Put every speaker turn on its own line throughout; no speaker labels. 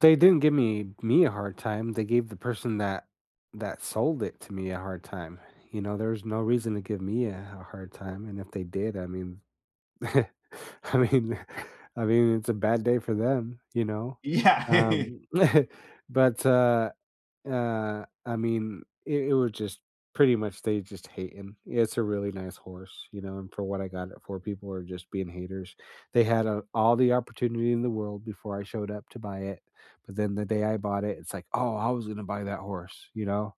They didn't give me me a hard time; they gave the person that that sold it to me a hard time. You know, there was no reason to give me a a hard time, and if they did, I mean I mean I mean, it's a bad day for them, you know,
Yeah.
um, but, uh, uh, I mean, i it was just pretty much they just hating. It's a really nice horse, you know, and for what I got it for, people are just being haters. They had, uh, all the opportunity in the world before I showed up to buy it, but then, the day I bought it, it's like, "Oh, I was gonna buy that horse," you know?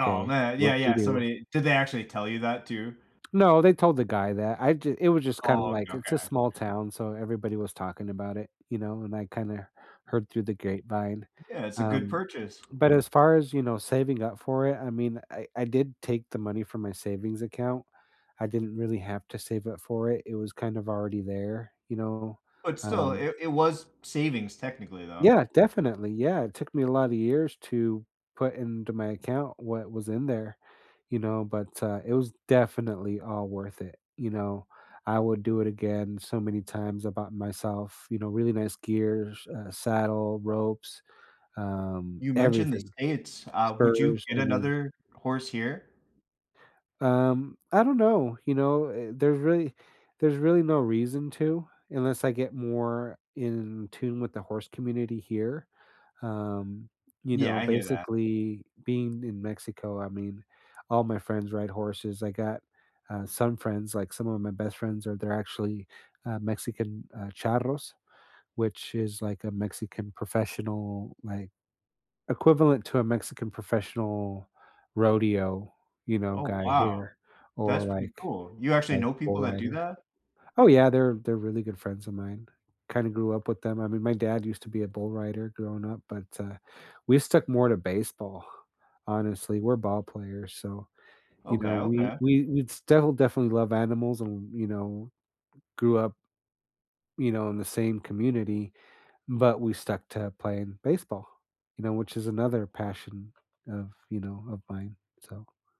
Oh, man, yeah, yeah,
whoop-de-doo."
somebody did they actually tell you that, too?
No, they told the guy that. I ju it was just kind
Oh,
of
okay,
like, it's a
okay.
small town, so everybody was talking about it, you know, and I kinda heard through the grapevine,
Yeah, it's a good
um,
purchase.
but as far as, you know, saving up for it, I mean, I I did take the money from my savings account. I didn't really have to save up for it. It was kind of already there, you know,
But, still,
um
it it was savings technically, though.
Yeah, definitely, yeah, it took me a lotta years to put into my account what was in there, you know, but, uh, it was definitely all worth it, you know. I would do it again so many times. I bought myself, you know, really nice gears, uh, saddle, ropes, um,
You mentioned the
everything.
States, uh, would you
Spurs,
get
I mean
another horse here?
Um, I don't know, you know. Eh, there really there's really no reason to, unless I get more in tune with the horse community here. Um, you
Yeah,
know,
I hear that.
basically, being in Mexico, I mean, all my friends ride horses. I got, uh, some friends, like, some of my best friends are they're actually, uh, Mexican, uh, charros, which is like a Mexican professional, like, equivalent to a Mexican professional rodeo, you know,
Oh,
guy
wow.
here, or,
That's pretty
like
cool. You actually
like,
know
bull
people that do
rider.
that?
Oh, yeah, they're they're really good friends of mine. Kinda grew up with them. I mean, my dad used to be a bull rider, growing up, but, uh, we stuck more to baseball; honestly, we're ball players, so, you
Okay,
know, we
okay.
we we'd still definitely love animals and, you know, grew up you know, in the same community, but we stuck to playing baseball, you know, which is another passion of, you know, of mine, so